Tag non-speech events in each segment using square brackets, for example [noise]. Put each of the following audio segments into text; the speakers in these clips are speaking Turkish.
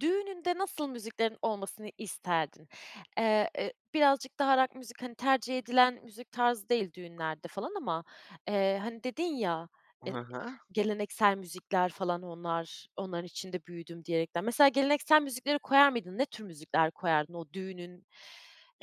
Düğününde nasıl müziklerin olmasını isterdin? Eee, ı birazcık daha rock müzik hani tercih edilen müzik tarzı değil düğünlerde falan ama, eee, hani dedin ya, e ı Hı hı. geleneksel müzikler falan onlar onların içinde büyüdüm diyerekten. Mesela geleneksel müzikleri koyar mıydın? Ne tür müzikler koyardın o düğünün,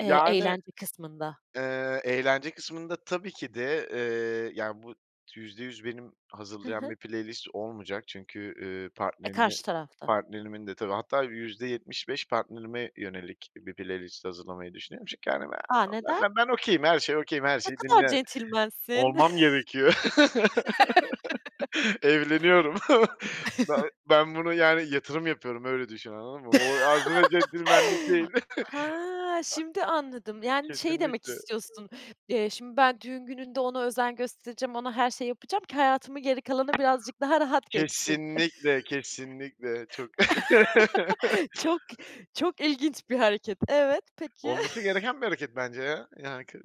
eee, eğlence kısmında? eee, eğlence kısmında tabii ki de, eee, yani bu %100 benim Hı hazırlayan hı. bir playlist olmayacak çünkü, üüü, E, partnerimi karşı tarafta. partnerimin de tabii hatta %75 partnerime yönelik bir playlist hazırlamayı düşünüyorum. Çünkü hani, A, neden? ben be ben okay'im, her şey okay'im, her Ne şeyi kadar dinle centilmensin. olmam gerekiyor. [chuckles] [laughs] Evleniyorum. Ben [chuckles] ben bunu yani yatırım yapıyorum, öyle düşün, anladın mı? O [unintelligible] centilmenlik değil. [laughs] Ha, şimdi anladım. [chuckles] Yani, şeyi demek Kesinlikle. istiyorsun. Eee, şimdi ben düğün gününde ona özen göstereceğim, ona her şey yapacağım ki hayatımın geri kalanı birazcık daha rahat geçsin. Kesinlikle, kesinlikle çok. [chuckles] [chuckles] Çok çok ilginç bir hareket. Evet, peki. Olması [chuckles] gereken bir hareket bence ya. Yani, k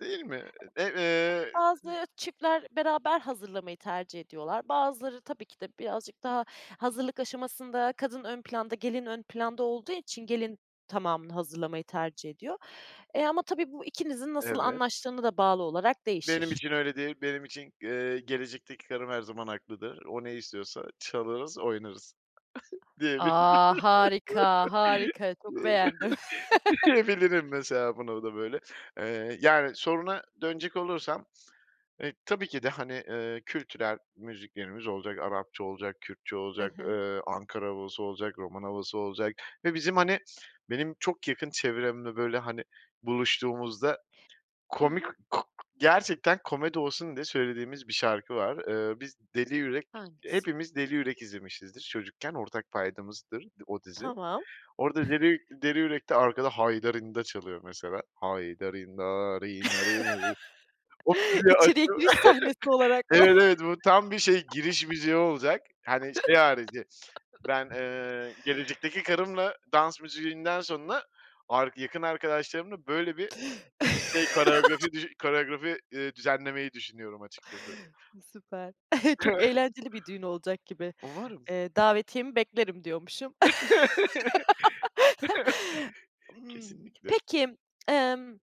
değil mi? E eee. Bazı çiftler beraber hazırlamayı tercih ediyorlar. Bazıları tabii ki de birazcık daha hazırlık aşamasında kadın ön planda, gelin ön planda olduğu için gelin tamamını hazırlamayı tercih ediyor. E, ama tabii bu ikinizin nasıl Evet. anlaştığına da bağlı olarak Benim değişir. için öyle değil, benim için, eee, gelecekteki karım her zaman haklıdır, o ne istiyorsa çalarız, oynarız [chuckles] diyebilirim. A! Harika, harika çok beğendim. [laughs] Diyebilirim [chuckles] mesela bunu o da böyle, eee, yani soruna dönecek olursam, eee, tabii ki de, eee, hani, kültürel müziklerimiz olacak, Arapça olacak, Kürtçe Hı olacak, hı. eee, Ankara havası olacak, Roman havası olacak ve bizim hani, benim çok yakın çevremde böyle hani, buluştuğumuzda Hı komik hı. ku gerçekten komedi olsun diye söylediğimiz bir şarkı var. Eee, biz Deli Yürek Hangisi? hepimiz Deli Yürek izlemişizdir çocukken. Ortak paydamızdır o dizi. Tamam. Orda Deli [chuckles] Deli Yürek'te arkada Haydarinda çalıyor mesela. Haydarinna rinna rina rina ri. [chuckles] O müziği açıp İçeriye giriş sahnesi olarak mı? Evet, evet, bu tam bir şey giriş [laughs] müziği olacak hani, şey harici. Ben, [laughs] eee, gelecekteki karımla dans müziğinden sonra ark yakın arkadaşlarımla böyle bir şey [chuckles] koreografi düş koreografi, iii, düzenlemeyi düşünüyorum açıkçası. I süper. [chuckles] Çok [chuckles] eğlenceli bir düğün olacak gibi. Umarım. Eee, davetiyemi beklerim diyormuşum. [chuckles] [laughs] M Kesinlikle. peki, ımm